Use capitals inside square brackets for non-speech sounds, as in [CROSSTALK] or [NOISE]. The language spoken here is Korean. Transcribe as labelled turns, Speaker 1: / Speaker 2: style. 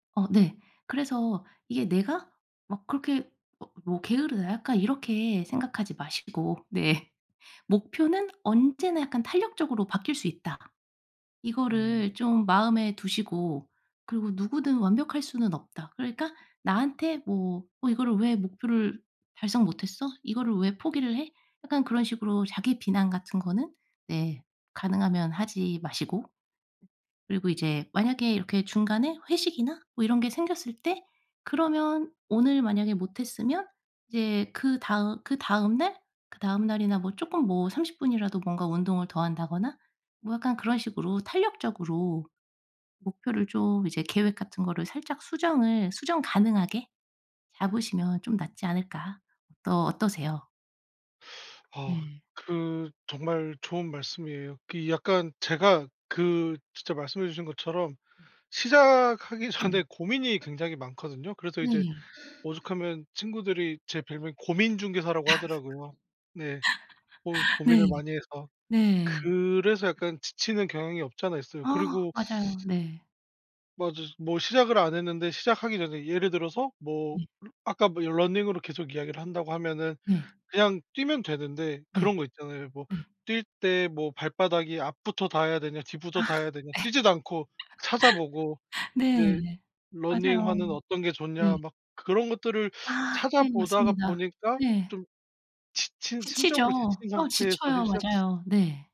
Speaker 1: 어 네. 그래서 이게 '내가 막 그렇게 막 뭐 게으르다.' 약간 이렇게 생각하지 마시고. 네. '목표는 언제나 약간 탄력적으로 바뀔 수 있다.'
Speaker 2: 음.
Speaker 1: 이거를 좀 마음에 두시고 그리고 '누구든 완벽할 수는 없다.' 그러니까 나한테 뭐 어 이거를 '왜 목표를 달성 못했어? 이거를 왜 포기를 해?' 약간 그런 식으로 자기 비난 같은 거는 네 가능하면 하지 마시고 그리고 이제 만약에 이렇게 중간에 회식이나 뭐 이런 게 생겼을 때 그러면 오늘 만약에 못했으면 이제 그다음 그다음 날, 그다음 날이나 뭐 조금 뭐 30 분이라도 뭔가 운동을 더 한다거나 뭐 약간 그런 식으로 탄력적으로 목표를 좀 이제 계획 같은 거를 살짝 수정을 수정 가능하게 잡으시면 좀 낫지 않을까. 또 어떠세요?
Speaker 2: [SUCKS TEETH] 아
Speaker 1: 네.
Speaker 2: 그 정말 좋은 말씀이에요. 그 약간 제가 그 진짜 말씀해 주신 것처럼
Speaker 1: 네.
Speaker 2: 시작하기 전에 고민이 굉장히 많거든요. 그래서 이제
Speaker 1: 네.
Speaker 2: 오죽하면 친구들이 제 별명이 고민 중개사라고 하더라고요. 네. 고
Speaker 1: [LAUGHS]
Speaker 2: 고민을
Speaker 1: 네.
Speaker 2: 많이 해서.
Speaker 1: 네.
Speaker 2: 그래서 약간 지치는 경향이 없지 않아 있어요.
Speaker 1: 아.
Speaker 2: 그리고
Speaker 1: 맞아요.
Speaker 2: [SUCKS TEETH]
Speaker 1: 네.
Speaker 2: 맞아요. 뭐 시작을 안 했는데 시작하기 전에 예를 들어서 뭐
Speaker 1: 네.
Speaker 2: 아까 뭐 러닝으로 계속 이야기를 한다고 하면은
Speaker 1: 네.
Speaker 2: 그냥 뛰면 되는데
Speaker 1: 네.
Speaker 2: 그런 거 있잖아요. 뭐
Speaker 1: 네.
Speaker 2: '뛸 때 뭐 발바닥이 앞부터 닿아야 되냐.
Speaker 1: 아.
Speaker 2: 뒤부터 닿아야
Speaker 1: 네.
Speaker 2: 되냐.' 뛰지도 않고 찾아보고.
Speaker 1: [LAUGHS]
Speaker 2: 이제
Speaker 1: 네. 맞아요.
Speaker 2: '러닝화는 어떤 게 좋냐.'
Speaker 1: 네.
Speaker 2: 막 그런 것들을
Speaker 1: 아
Speaker 2: 찾아
Speaker 1: 네.
Speaker 2: 보다가
Speaker 1: 맞습니다.
Speaker 2: 보니까
Speaker 1: 네.
Speaker 2: 좀 지친
Speaker 1: 지치죠.
Speaker 2: 심적으로 지친
Speaker 1: 어
Speaker 2: 상태에서 힐
Speaker 1: 지쳐요.
Speaker 2: 시작
Speaker 1: 맞아요. 네.